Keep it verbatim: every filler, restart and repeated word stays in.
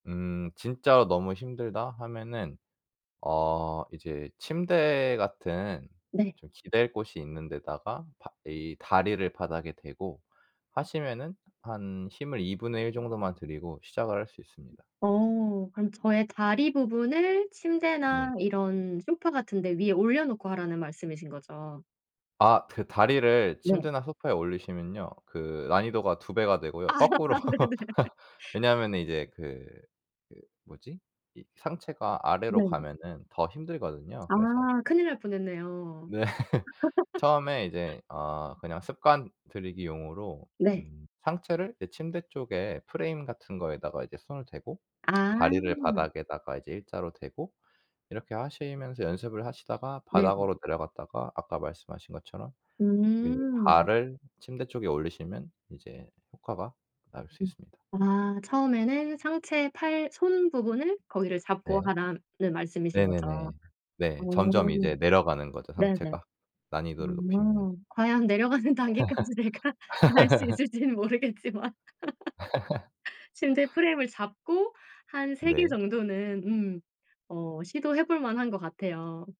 음 '진짜로 너무 힘들다.' 하면은 어 이제 침대 같은 네. 좀 기댈 곳이 있는 데다가 바 이 다리를 바닥에 대고 하시면은 한 힘을 이분의 일 정도만 들이고 시작을 할 수 음 있습니다. 어. 그럼 저의 다리 부분을 네. 침대나 이런 소파 같은 데 위에 올려놓고 하라는 말씀이신 거죠? 아 드 다리를 네. 침대나 소파에 올리시면요. 그 난이도가 두 배가 되고요. 아 네. 거꾸로 왜냐하면은 이제 그 그 뭐지? 이 상체가 아래로 네. 가면은 더 힘들거든요. 아. 그래서 큰일 날 뻔했네요. 네. 처음에 이제 어 그냥 습관 들이기용으로 네. 음 상체를 이 침대 쪽에 프레임 같은 거에다가 이제 손을 대고 아. 다리를 바닥에다가 이제 일자로 대고 이렇게 하시면서 연습을 하시다가 네네. 바닥으로 내려갔다가 아까 말씀하신 것처럼 그 음. 발을 침대 쪽에 올리시면 이제 효과가 나올 수 음. 있습니다. 아 처음에는 상체 팔 손 부분을 거기를 잡고 네. 하라는 말씀이신 네네네. 거죠? 어. 네. 점점 이제 내려가는 거죠, 네네. 상체가. 난이도를 높이면 음. 과연 내려가는 단계까지 내가 갈 수 있을지는 모르겠지만. 침대 프레임을 잡고 한 세 개 네. 정도는 음 어 시도해 볼 만한 것 같아요.